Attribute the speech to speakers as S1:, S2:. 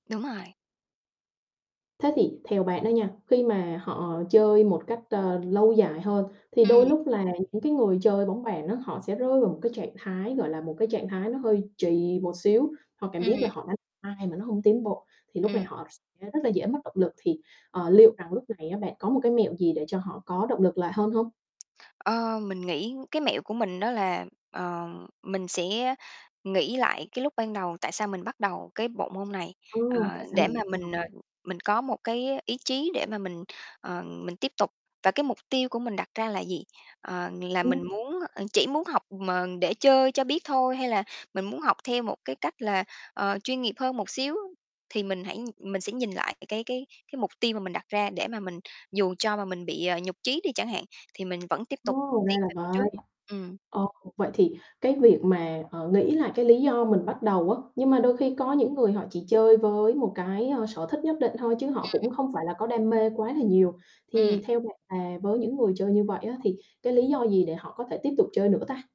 S1: Đúng rồi.
S2: Thế thì theo bạn đó nha, khi mà họ chơi một cách, ơ, lâu dài hơn thì đôi
S1: Ừm.
S2: lúc là những cái người chơi bóng bàn á họ sẽ rơi vào một cái trạng thái, gọi là, một cái trạng thái nó hơi trì một xíu, họ cảm giác
S1: Ừm.
S2: là họ đánh hoài mà nó hông tiến bộ thì lúc này
S1: Ừm.
S2: họ sẽ rất là dễ mất động lực thì, ờ, liệu rằng lúc này á bạn có một cái mẹo gì để cho họ có động lực lại hơn hông?
S1: Ờ, mình nghĩ cái mẹo của mình đó là, ờ, mình sẽ nghĩ lại cái lúc ban đầu tại sao mình bắt đầu cái bộ môn này, ờ,
S2: Ừm, tại sao
S1: để
S2: mình
S1: mà
S2: lựa chọn.
S1: mình, ờ, mình có một cái ý chí để mà mình, ờ, mình tiếp tục. Và, cái, mục tiêu của mình đặt ra là gì? Ờ, là
S2: Ừm.
S1: muốn, à chỉ muốn học mà để chơi cho biết thôi hay là mình muốn học theo một cái cách là, ờ, chuyên nghiệp hơn một xíu thì mình hãy mình sẽ nhìn lại cái cái cái mục tiêu mà mình đặt ra để mà mình dù cho mà mình bị, à, nhụt chí đi chẳng hạn, thì mình vẫn tiếp tục
S2: Ô, ra
S1: tiến
S2: là
S1: về phía trước,
S2: vậy.
S1: ừm.
S2: Ờ, vậy thì cái việc mà, ờ, nghĩ là cái lý do mình bắt đầu á, nhưng mà đôi khi có những người họ chỉ chơi với một cái, ơ, sở thích nhất định thôi chứ họ
S1: Ừm.
S2: cũng không phải là có đam mê quá là nhiều, thì
S1: Ừm.
S2: theo bạn là với những người chơi như vậy á thì cái lý do gì để họ có thể tiếp tục chơi nữa ta?